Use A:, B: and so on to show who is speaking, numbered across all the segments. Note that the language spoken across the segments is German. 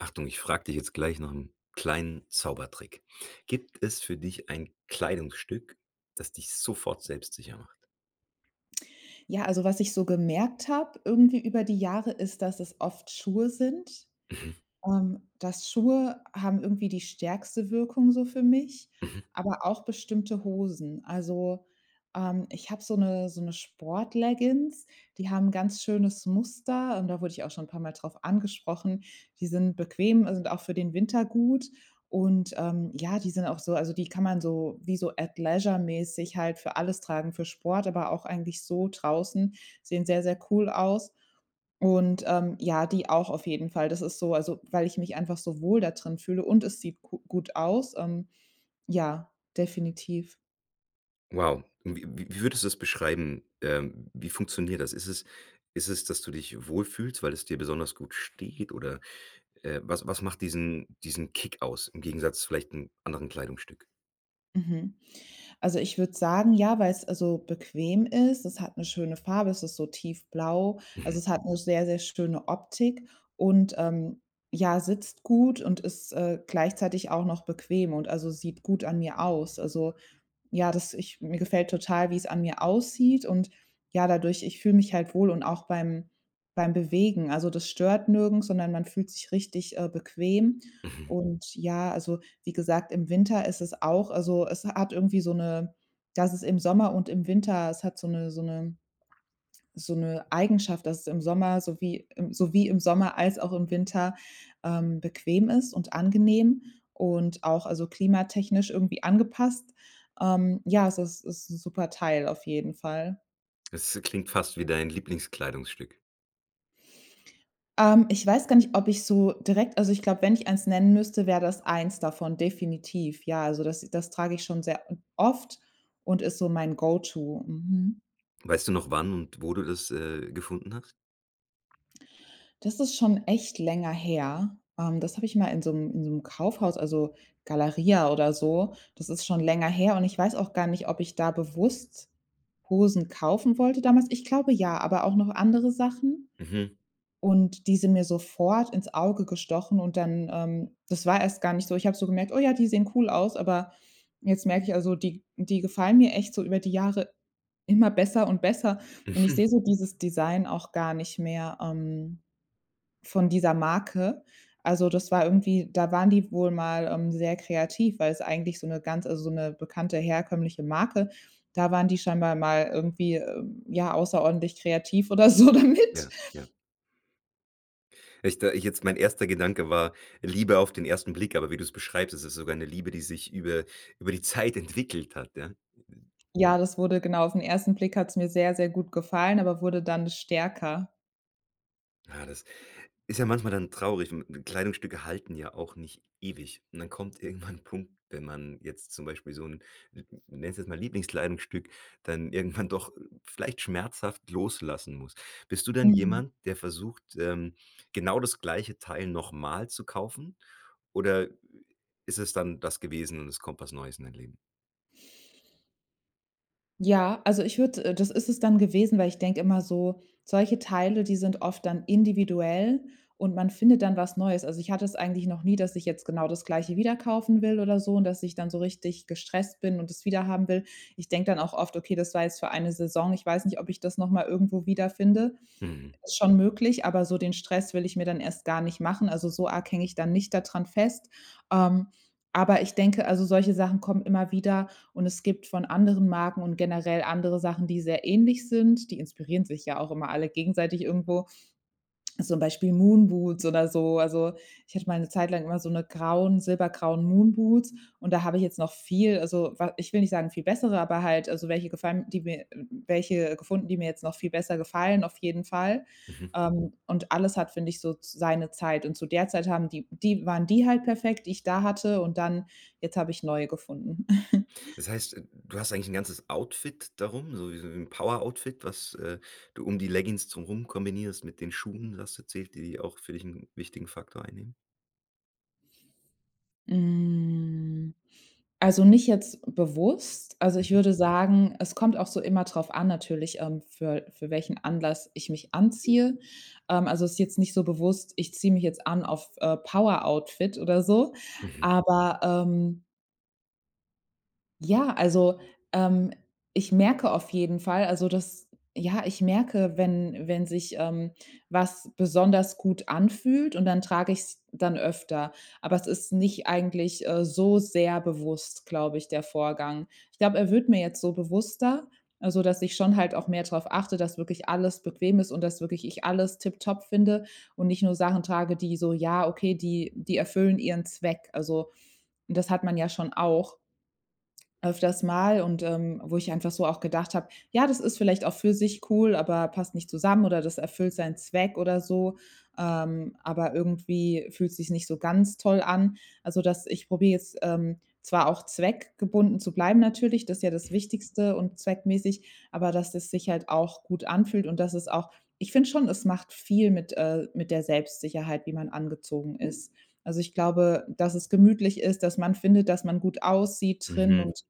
A: Achtung, ich frage dich jetzt gleich noch 'n kleinen Zaubertrick. Gibt es für dich ein Kleidungsstück, das dich sofort selbstsicher macht?
B: Ja, also was ich so gemerkt habe irgendwie über die Jahre ist, dass es oft Schuhe sind,
A: Mhm.
B: ähm, dass Schuhe haben irgendwie die stärkste Wirkung so für mich,
A: Mhm.
B: aber auch bestimmte Hosen. Also, ähm, ich habe so 'ne so 'ne Sportleggings, die haben 'n ganz schönes Muster, und da wurde ich auch schon 'n paarmal drauf angesprochen. Die sind bequem und sind auch für den Winter gut, und, ähm, ja, die sind auch so also, die kann man so, wie so Athleisure-mäßig halt für alles tragen, für Sport, aber auch eigentlich so draußen. Sehen sehr, sehr cool aus und, ähm, ja, die auch auf jeden Fall. Das ist so, also, weil ich mich einfach so wohl dadrin fühle und es sieht ku gut aus, ähm. Ja, definitiv.
A: Wow. W wie wie würdest du das beschreiben, äh, wie funktioniert das? Ist es ist es, dass du dich wohlfühlst, weil es dir besonders gut steht, oder, äh, was was macht diesen diesen Kick aus, im Gegensatz zu vielleicht 'n anderen Kleidungsstück?
B: Mhm. Also, ich würde sagen, ja, weil's, also, bequem ist. Es hat 'ne schöne Farbe, es ist so tiefblau, also,
A: Mhm.
B: es hat 'ne sehr, sehr schöne Optik und ähm, ja, sitzt gut und ist, äh, gleichzeitig auch noch bequem und, also, sieht gut an mir aus. Also, ja, das ich mir gefällt total, wie's an mir aussieht, und, ja, dadurch ich fühle mich halt wohl und auch beim beim Bewegen, also das stört nirgends, sondern man fühlt sich richtig, äh, bequem.
A: Mhm.
B: Und, ja, also wie gesagt, im Winter ist es auch also, es hat irgendwie so 'ne dass es im Sommer und im Winter es hat so 'ne so 'ne so 'ne Eigenschaft, dass es im Sommer so wie so wie im Sommer als auch im Winter, ähm, bequem ist und angenehm und auch, also, klimatechnisch irgendwie angepasst. Ähm, ja, also, es es ist 'n super Teil auf jeden Fall.
A: Es klingt fast wie dein Lieblingskleidungsstück.
B: Ähm, ich weiß gar nicht, ob ich so direkt also, ich glaube, wenn ich eins nennen müsste, wäre das eins davon, definitiv. Ja, also das das trage ich schon sehr oft und ist so mein Go-to. Mhm.
A: Weißt du noch, wann und wo du das, äh, gefunden hast?
B: Das ist schon echt länger her, ähm, das habe ich mal in so 'm in so 'm Kaufhaus, also Galeria oder so Das ist schon länger her und ich weiß auch gar nicht, ob ich da bewusst Hosen kaufen wollte damals. Ich glaube ja, aber auch noch andere Sachen,
A: Mhm.
B: und die sind mir sofort ins Auge gestochen und dann ähm, das war erst gar nicht so. Ich habe so gemerkt: „Oh ja, die sehen cool aus“, aber jetzt merke ich, also, die die gefallen mir echt so über die Jahre immer besser und besser, und ich
A: Mhm.
B: sehe so dieses Design auch gar nicht mehr, ähm, von dieser Marke. Also, das war irgendwie da waren die wohl mal, ähm, sehr kreativ, weil's eigentlich so 'ne ganz also, so 'ne bekannte herkömmliche Marke, da waren die scheinbar mal irgendwie, äh, ja, außerordentlich kreativ oder so damit.
A: Ja, ja. Ich da ich jetzt mein erster Gedanke war „Liebe auf den 1. Blick“, aber wie du's beschreibst, ist es sogar 'ne Liebe, die sich über über die Zeit entwickelt hat, ja?
B: Ja, das wurde genau, auf 'n 1. Blick hat's mir sehr, sehr gut gefallen, aber wurde dann stärker.
A: Ja, das ist ja manchmal dann traurig we m Kleidungsstücke halten ja auch nicht ewig und dann kommt irgendwann 'n Punkt, wenn man jetzt zum Beispiel so 'n 'n ich nenne es jetzt mal Lieblingskleidungsstück, dann irgendwann doch vielleicht schmerzhaft loslassen muss. Bist du dann
B: Mhm.
A: jemand, der versucht, ähm, genau das gleiche Teil noch mal zu kaufen, oder ist es dann das gewesen und es kommt was Neues in dein Leben?
B: Ja, also, ich würde äh, das ist es dann gewesen, weil ich denke immer so: „Solche Teile, die sind oft dann individuell und man findet dann was Neues.” Also, ich hatte es eigentlich noch nie, dass ich jetzt genau das Gleiche wieder kaufen will oder so und dass ich dann so richtig gestresst bin und es wiederhaben will. Ich denke dann auch oft: „Okay, das war jetzt für eine Saison, ich weiß nicht, ob ich das noch mal irgendwo wiederfinde.”
A: Mhm.
B: Ist schon möglich, aber so den Stress will ich mir dann erst gar nicht machen, also, so arg hänge ich dann nicht da dran fest. Ähm, aber ich denke, also, solche Sachen kommen immer wieder und es gibt von anderen Marken und generell andere Sachen, die sehr ähnlich sind. Die inspirieren sich ja auch immer alle gegenseitig irgendwo, zum Beispiel Moonboots oder so, also, ich hatte mal 'ne Zeit lang immer so 'ne grauen, silbergrauen Moonboots und da habe ich jetzt noch viel, also, wa ich will nicht sagen, viel bessere, aber halt, also, welche gefallen, die mir welche gefunden, die mir jetzt noch viel besser gefallen auf jeden Fall.
A: Mhm.
B: Ähm, und alles hat, finde ich, so seine Zeit und zu der Zeit haben die die waren die halt perfekt, die ich da hatte, und dann, jetzt habe ich neue gefunden.
A: Das heißt, äh, du hast eigentlich 'n ganzes Outfit darum, so wie so 'n Poweroutfit, was, äh, du um die Leggings drumrum kombinierst mit den Schuhen. Du hast erzählt, die die auch für dich 'n wichtigen Faktor einnehmen?
B: Hm, also nicht jetzt bewusst. Also, ich
A: Mhm.
B: würde sagen, es kommt auch so immer drauf an, natürlich, ähm, für für welchen Anlass ich mich anziehe, ähm, also, ist jetzt nicht so bewusst: „Ich ziehe mich jetzt an auf, äh, Power-Outfit“ oder so.
A: Mhm.
B: Aber, ähm ja, also, ähm, ich merke auf jeden Fall, also, das ja, ich merke, wenn wenn sich, ähm, was besonders gut anfühlt, und dann trage ich's dann öfter. Aber es ist nicht eigentlich, äh, so sehr bewusst, glaube ich, der Vorgang. Ich glaube, er wird mir jetzt so bewusster, also, dass ich schon halt auch mehr drauf achte, dass wirklich alles bequem ist und dass wirklich ich alles tiptop finde und nicht nur Sachen trage, die so ja, okay, die die erfüllen ihren Zweck. Also, das hat man ja schon auch öfters Mal, und, ähm, wo ich einfach so auch gedacht habe: „Ja, das ist vielleicht auch für sich cool, aber passt nicht zusammen oder das erfüllt seinen Zweck oder so, ähm, aber irgendwie fühlt sich's nicht so ganz toll an.” Also, dass ich probiere jetzt, ähm, zwar auch zweckgebunden zu bleiben natürlich, das ist ja das
A: Hm.
B: Wichtigste und zweckmäßig, aber dass das sich halt auch gut anfühlt und das ist auch ich finde schon, es macht viel mit äh, mit der Selbstsicherheit, wie man angezogen ist. Also, ich glaube, dass es gemütlich ist, dass man findet, dass man gut aussieht drin
A: Mhm.
B: und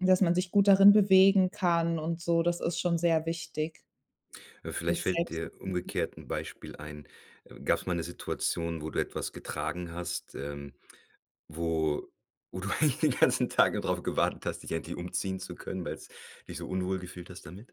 B: dass man sich gut darin bewegen kann und so, das ist schon sehr wichtig
A: Ja, vielleicht
B: für's
A: fällt dir
B: Selbstvertrauen.
A: umgekehrt 'n Beispiel ein. Gab's mal 'ne Situation, wo du etwas getragen hast, ähm, wo wo du eigentlich den ganzen Tag nur drauf gewartet hast, dich endlich umziehen zu können, weil's dich so unwohl gefühlt hast damit?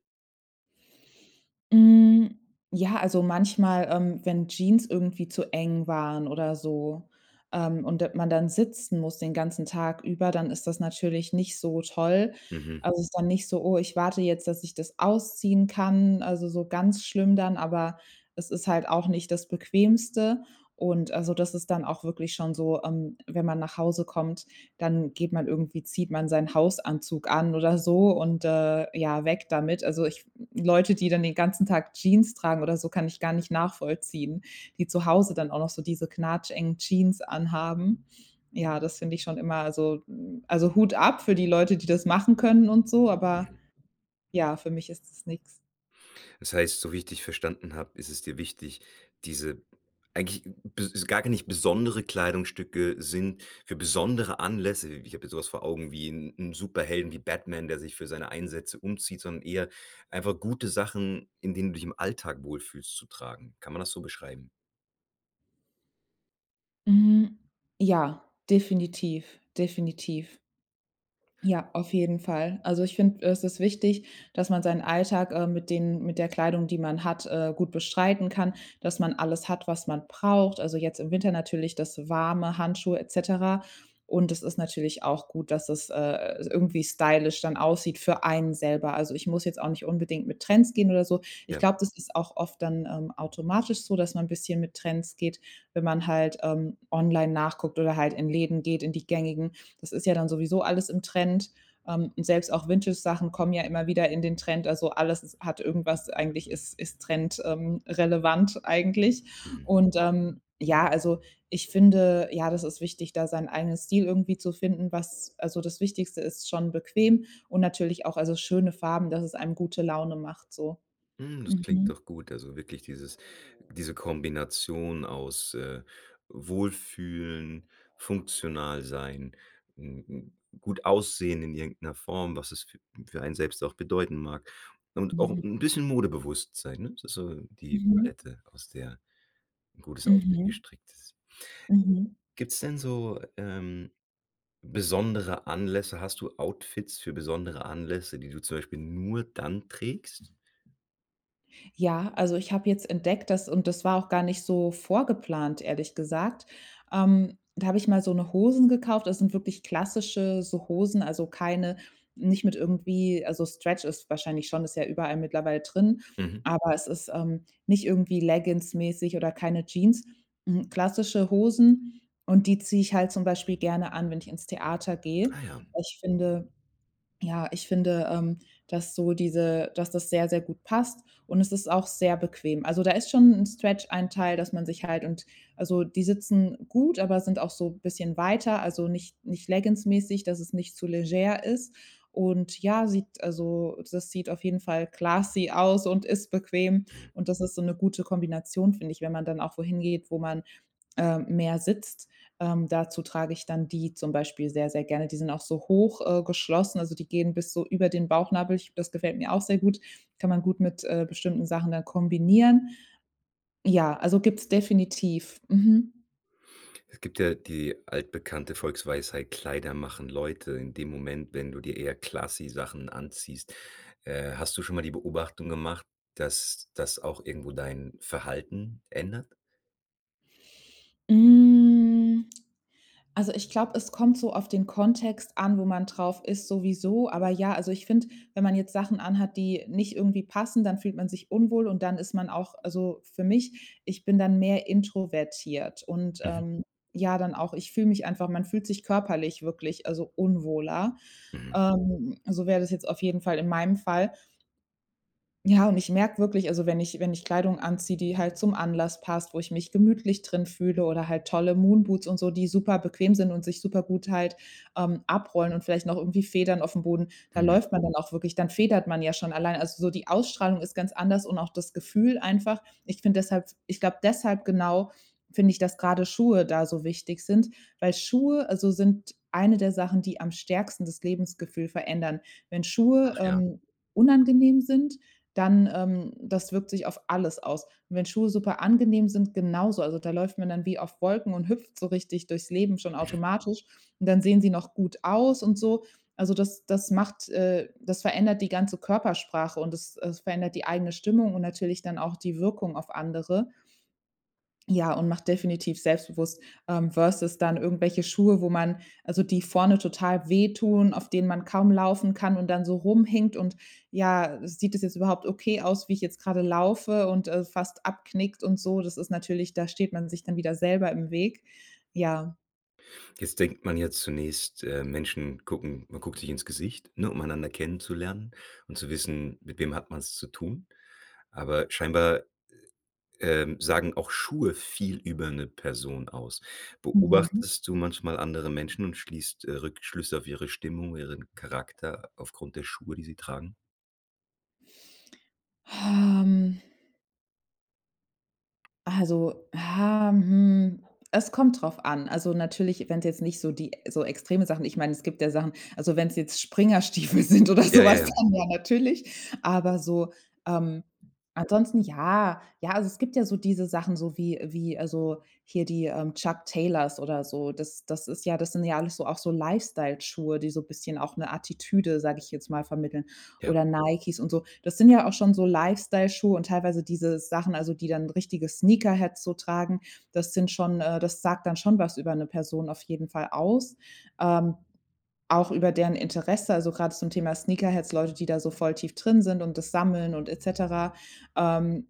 B: Hm. Ja, also, manchmal, ähm, wenn Jeans irgendwie zu eng waren oder so, ähm, und da man dann sitzen muss den ganzen Tag über, dann ist das natürlich nicht so toll.
A: Mhm.
B: Also, es ist dann nicht so: „Oh, ich warte jetzt, dass ich das ausziehen kann“, also, so ganz schlimm dann, aber es ist halt auch nicht das Bequemste und, also, das ist dann auch wirklich schon so, ähm, wenn man nach Hause kommt, dann geht man irgendwie zieht man seinen Hausanzug an oder so und, äh, ja, weg damit. Also, ich Leute, die dann den ganzen Tag Jeans tragen oder so, kann ich gar nicht nachvollziehen, die zu Hause dann auch noch so diese knatschengen Jeans anhaben. Ja, das finde ich schon immer also, hm, also, Hut ab für die Leute, die das machen können und so, aber
A: Mhm.
B: ja, für mich ist das nix.
A: Das heißt, so, wie ich verstanden habe, ist es dir wichtig, diese eigentlich be gar nicht besondere Kleidungsstücke sind für besondere Anlässe. Ich habe jetzt so was vor Augen wie 'n 'n Superhelden wie Batman, der sich für seine Einsätze umzieht, sondern eher einfach gute Sachen, in denen du dich im Alltag wohlfühlst, zu tragen. Kann man das so beschreiben?
B: Hm, ja, definitiv, definitiv. Ja, auf jeden Fall. Also, ich finde, es ist wichtig, dass man seinen Alltag, äh, mit denen mit der Kleidung, die man hat, äh, gut bestreiten kann, dass man alles hat, was man braucht. Also jetzt im Winter natürlich das warme Handschuhe et cetera. Und es ist natürlich auch gut, dass es, äh, irgendwie stylisch dann aussieht für einen selber. Also, ich muss jetzt auch nicht unbedingt mit Trends gehen oder so. Ich
A: Ja.
B: glaube, das ist auch oft dann, ähm, automatisch so, dass man 'n bisschen mit Trends geht, wenn man halt, ähm, online nachguckt oder halt in Läden geht, in die gängigen. Das ist ja dann sowieso alles im Trend, ähm, und selbst auch Vintage-Sachen kommen ja immer wieder in den Trend. Also, alles ist hat irgendwas eigentlich ist ist trend ähm, relevant eigentlich.
A: Mhm.
B: Und, ähm, ja, also ich finde, ja, das ist wichtig, da seinen eigenen Stil irgendwie zu finden, was also das Wichtigste ist schon bequem und natürlich auch, also, schöne Farben, dass es einem gute Laune macht so.
A: Hm, das klingt
B: Mhm.
A: doch gut, also wirklich dieses diese Kombination aus, äh, Wohlfühlen, funktional sein, 'n 'n gut aussehen in irgend 'ner Form, was es f für einen selbst auch bedeuten mag, und auch
B: Mhm.
A: 'n bisschen modebewusst sein, ne, das ist so die
B: Mhm.
A: Palette, aus der 'n gutes Outfit
B: Mhm.
A: gestrickt ist.
B: Mhm.
A: Gibt's denn so, ähm, besondere Anlässe? Hast du Outfits für besondere Anlässe, die du zum Beispiel nur dann trägst?
B: Ja, also, ich habe jetzt entdeckt, dass und das war auch gar nicht so vorgeplant, ehrlich gesagt, ähm, da habe ich mal so 'ne Hosen gekauft. Das sind wirklich klassische so Hosen, also, keine nicht mit irgendwie also, Stretch ist wahrscheinlich schon, ist ja überall mittlerweile drin.
A: Mhm.
B: Aber es ist, ähm, nicht irgendwie leggingsmäßig oder keine Jeans. Hm, klassische Hosen und die ziehe ich halt zum Beispiel gerne an, wenn ich ins Theater gehe.
A: Ah ja.
B: Ich finde ja, ich finde, ähm, dass so diese dass das sehr, sehr gut passt. Und es ist auch sehr bequem. Also, da ist schon 'n Stretch-Anteil, dass man sich halt und, also, die sitzen gut, aber sind auch so bisschen weiter. Also, nicht nicht leggingsmäßig, dass es nicht zu leger ist. Und, ja, sieht also, das sieht auf jeden Fall classy aus und ist bequem.
A: Mhm.
B: Und das ist so 'ne gute Kombination, finde ich, wenn man dann auch wo hingeht, wo man, äh, mehr sitzt. Ähm, dazu trage ich dann die zum Beispiel sehr, sehr gerne. Die sind auch so hoch, äh, geschlossen, also, die gehen bis so über den Bauchnabel. Ich glaube, das gefällt mir auch sehr gut. Kann man gut mit, äh, bestimmten Sachen dann kombinieren. Ja, also, gibt's definitiv. Mhm.
A: Es gibt ja die altbekannte Volksweisheit: „Kleider machen Leute.“ In dem Moment, wenn du dir eher classy Sachen anziehst, äh, hast du schon mal die Beobachtung gemacht, dass das auch irgendwo dein Verhalten ändert?
B: Hm. Also, ich glaube, es kommt so auf den Kontext an, wo man drauf ist, sowieso, aber, ja, also, ich finde, wenn man jetzt Sachen anhat, die nicht irgendwie passen, dann fühlt man sich unwohl und dann ist man auch also, für mich, ich bin dann mehr introvertiert und,
A: Mhm.
B: ähm, ja, dann auch ich fühle mich einfach man fühlt sich körperlich wirklich, also, unwohler.
A: Mhm.
B: Ähm, so wäre das jetzt auf jeden Fall in meinem Fall. Ja, und ich merke wirklich, also, wenn ich wenn ich Kleidung anziehe, die halt zum Anlass passt, wo ich mich gemütlich drin fühle, oder halt tolle Moonboots und so, die super bequem sind und sich supergut halt, ähm, abrollen und vielleicht noch irgendwie Federn auf'm Boden, da
A: Mhm.
B: läuft man dann auch wirklich, dann federt man ja schon allein. Also, so die Ausstrahlung ist ganz anders und auch das Gefühl einfach. Ich finde deshalb ich glaube deshalb, genau, finde ich, dass grade Schuhe da so wichtig sind, weil Schuhe, also, sind eine der Sachen, die am stärksten das Lebensgefühl verändern. Wenn Schuhe,
A: Ach ja.
B: ähm, unangenehm sind, dann ähm, das wirkt sich auf alles aus. Und wenn Schuhe super angenehm sind, genauso, also, da läuft man dann wie auf Wolken und hüpft so richtig durchs Leben schon
A: Mhm.
B: automatisch, und dann sehen sie noch gut aus und so. Also, das das macht äh, das verändert die ganze Körpersprache und das das verändert die eigene Stimmung und natürlich dann auch die Wirkung auf andere ja, und macht definitiv selbstbewusst, ähm, versus dann irgendwelche Schuhe, wo man also die vorne total wehtun, auf denen man kaum laufen kann und dann so rumhinkt, und: „Ja, sieht das jetzt überhaupt okay aus, wie ich jetzt gerade laufe?“ und, äh, fast abknickt und so. Das ist natürlich da steht man sich dann wieder selber im Weg. Ja.
A: Jetzt denkt man jetzt zunächst, äh, Menschen gucken man guckt sich ins Gesicht, ne, um einander kennenzulernen und zu wissen: „Mit wem hat man's zu tun?“ Aber scheinbar, äh ähm, sagen auch Schuhe viel über 'ne Person aus.
B: Mhm.
A: Beobachtest du manchmal andere Menschen und schließt, äh, Rückschlüsse auf ihre Stimmung, ihren Charakter aufgrund der Schuhe, die sie tragen?
B: Ähm. Also, ah, hm, es kommt drauf an. Also, natürlich, wenn's jetzt nicht so die so extreme Sachen Ich meine, es gibt ja Sachen. Also, wenn's jetzt Springerstiefel sind oder
A: Ja,
B: so
A: ja,
B: was,
A: ja.
B: dann ja, natürlich. Aber so, ähm, ansonsten ja, ja, also, es gibt ja so diese Sachen, so wie wie, also, hier die, ähm, Chuck Taylors oder so. Das das ist ja das sind ja alles so auch so Lifestyle-Schuhe, die so 'n bisschen auch 'ne Attitüde, sage ich jetzt mal, vermitteln.
A: Ja.
B: Oder Nikes und so. Das sind ja auch schon so Lifestyle-Schuhe und teilweise diese Sachen, also, die dann richtige Sneakerheads so tragen. Das sind schon äh, das sagt dann schon was über 'ne Person auf jeden Fall aus. Ähm, auch über deren Interesse, also, gerade zum Thema Sneakerheads, Leute, die da so voll tief drin sind und das sammeln und et cetera. Ähm,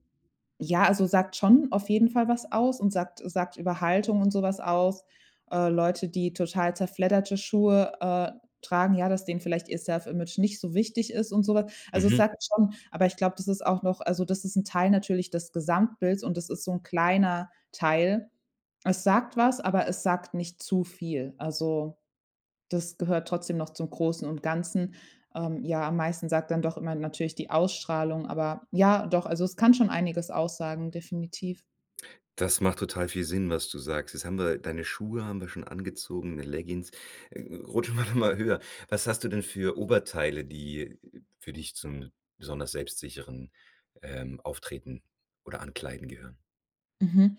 B: ja, also, sagt schon auf jeden Fall was aus und sagt sagt über Haltung und so was aus. Äh, Leute, die total zerfledderte Schuhe, äh, tragen, ja, dass denen vielleicht ihr self-image nicht so wichtig ist und so was. Also, es
A: Mhm.
B: sagt schon aber ich glaube, das ist auch noch Also, das ist 'n Teil natürlich des Gesamtbilds und das ist so 'n kleiner Teil. Es sagt was, aber es sagt nicht zu viel. Also, das gehört trotzdem noch zum Großen und Ganzen. Ähm, ja, am meisten sagt dann doch immer natürlich die Ausstrahlung, aber, ja, doch, also, es kann schon einiges aussagen, definitiv.
A: Das macht total viel Sinn, was du sagst. Jetzt haben wir deine Schuhe haben wir schon angezogen, 'ne Leggings. Äh, äh, rutschen wir doch mal höher. Was hast du denn für Oberteile, die für dich zum besonders selbstsicheren, ähm, Auftreten oder Ankleiden gehören?
B: Mhm.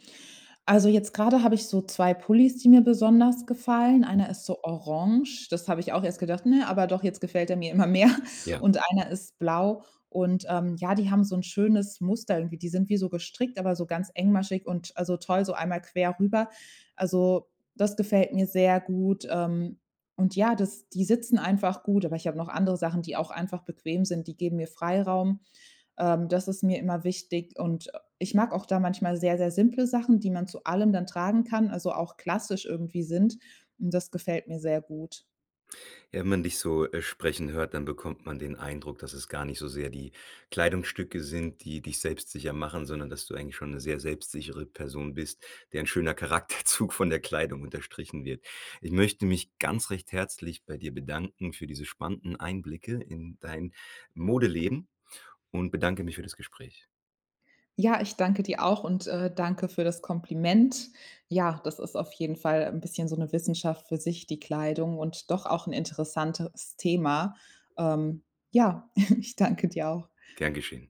B: Also, jetzt grade habe ich so 2 Pullis, die mir besonders gefallen. Einer
A: Mhm.
B: ist so orange das habe ich auch erst gedacht: „Ne”, aber doch, jetzt gefällt der mir immer mehr.
A: Ja.
B: Und einer ist blau und, ähm, ja, die haben so 'n schönes Muster irgendwie, die sind wie so gestrickt, aber so ganz engmaschig und, also, toll so einmal quer rüber. Also, das gefällt mir sehr gut, ähm, und, ja, das die sitzen einfach gut, aber ich habe noch andere Sachen, die auch einfach bequem sind. Die geben mir Freiraum, ähm, das ist mir immer wichtig, und ich mag auch da manchmal sehr, sehr simple Sachen, die man zu allem dann tragen kann, also auch klassisch irgendwie sind, und das gefällt mir sehr gut.
A: Wenn man dich so, äh, sprechen hört, dann bekommt man den Eindruck, dass es gar nicht so sehr die Kleidungsstücke sind, die dich selbstsicher machen, sondern dass du eigentlich schon 'ne sehr selbstsichere Person bist, deren schöner Charakterzug von der Kleidung unterstrichen wird. Ich möchte mich ganz recht herzlich bei dir bedanken für diese spannenden Einblicke in dein Modeleben und bedanke mich für das Gespräch.
B: Ja, ich danke dir auch und, äh, danke für das Kompliment. Ja, das ist auf jeden Fall 'n bisschen so 'ne Wissenschaft für sich, die Kleidung, und doch auch 'n interessantes Thema. Ähm, ja, ich danke dir auch.
A: Gern geschehen.